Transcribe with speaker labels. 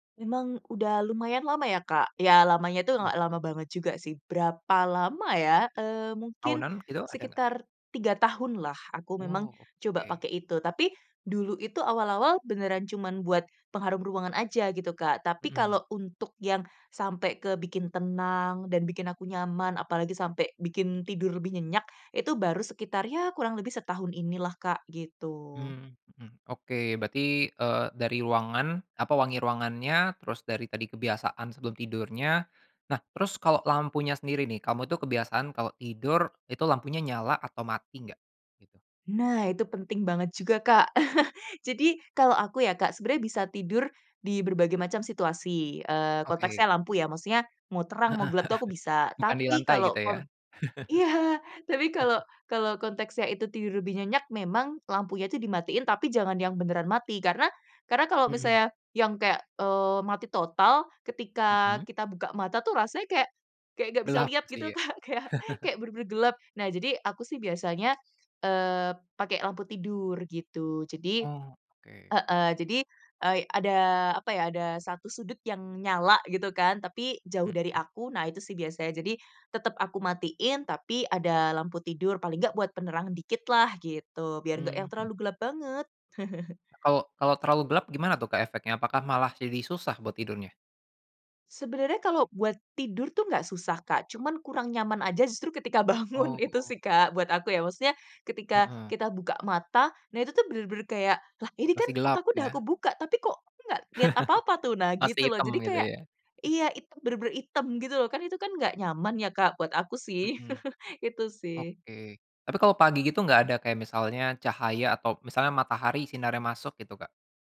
Speaker 1: Memang udah lumayan lama ya Ka, ya lamanya itu
Speaker 2: Eh.
Speaker 1: nggak lama banget juga sih. Berapa lama ya, eee, mungkin
Speaker 2: Aunan gitu ada nggak?
Speaker 1: sekitar 3 tahunlah aku memang
Speaker 2: Wow,
Speaker 1: coba
Speaker 2: oke.
Speaker 1: pakai itu. Tapi dulu itu awal-awal beneran cuman buat pengharum ruangan aja gitu Kak, tapi
Speaker 2: Mhm.
Speaker 1: kalau untuk yang sampai ke bikin tenang dan bikin aku nyaman apalagi sampai bikin tidur lebih nyenyak itu baru sekitar ya kurang lebih setahun ini lah Kak, gitu.
Speaker 2: Hmm, mhm, oke. Berarti, eee, dari ruangan, apa wangi ruangannya terus dari tadi kebiasaan sebelum tidurnya. Nah terus kalau lampunya sendiri nih kamu tuh kebiasaan kalau tidur itu lampunya nyala atau mati nggak? gitu.
Speaker 1: Nah, itu penting banget juga, Kak. Jadi kalau aku ya Kak, sebenarnya bisa tidur di berbagai macam situasi, eee,
Speaker 2: Oke.
Speaker 1: konteksnya lampu ya, maksudnya mau terang,
Speaker 2: Heeh
Speaker 1: mau
Speaker 2: heeh,
Speaker 1: gelap tuh aku bisa.
Speaker 2: bukan di
Speaker 1: Tapi
Speaker 2: lantai
Speaker 1: kalau
Speaker 2: gitu ya?
Speaker 1: kon iya, tapi kalau kalau konteksnya itu tidur lebih nyenyak memang lampunya itu dimatiin, tapi jangan yang beneran mati, karena karena kalau
Speaker 2: Mhm.
Speaker 1: misalnya yang kayak, eee, mati total ketika
Speaker 2: Mhm.
Speaker 1: kita buka mata tuh rasanya kayak kayak nggak bisa
Speaker 2: Gelap
Speaker 1: lihat gitu
Speaker 2: sih ya.
Speaker 1: Kak, kayak kayak bener-bener gelap. Nah jadi aku sih biasanya, eee, pakai lampu tidur gitu, jadi
Speaker 2: Oh, oke.
Speaker 1: heeh, jadi ei ada, apa ya, ada 1 sudut yang nyala gitu kan tapi jauh dari
Speaker 2: Mhm.
Speaker 1: aku, nah itu sih biasanya. Jadi tetep aku matiin tapi ada lampu tidur paling nggak buat penerangan dikit lah gitu, biar nggak yang
Speaker 2: Mmm.
Speaker 1: terlalu gelap banget.
Speaker 2: Kalau kalau terlalu gelap gimana tuh Kak efeknya? Apakah malah jadi susah buat tidurnya?
Speaker 1: Sebenarnya kalau buat tidur tuh nggak susah Kak, cuma kurang nyaman aja justru ketika bangun itu
Speaker 2: Oh.
Speaker 1: sih Kak, buat aku ya. Maksudnya ketika
Speaker 2: Heeh.
Speaker 1: kita buka mata, nah itu tuh bener-bener kayak, "Lah ini
Speaker 2: Masih
Speaker 1: kan
Speaker 2: gelap
Speaker 1: otakku udah
Speaker 2: ya.
Speaker 1: kebuka, tapi kok aku nggak lihat apa-apa tuh," nah
Speaker 2: Masih
Speaker 1: gitu loh.
Speaker 2: hitam
Speaker 1: Jadi
Speaker 2: gitu
Speaker 1: kayak
Speaker 2: ya.
Speaker 1: iya hitam benar-benar hitam gitu, kan itu kan nggak nyaman ya Kak buat aku sih,
Speaker 2: Mhm.
Speaker 1: itu sih.
Speaker 2: Oke, tapi kalau pagi gitu nggak ada kayak misalnya cahaya atau misalnya matahari sinarnya masuk gitu, Kak?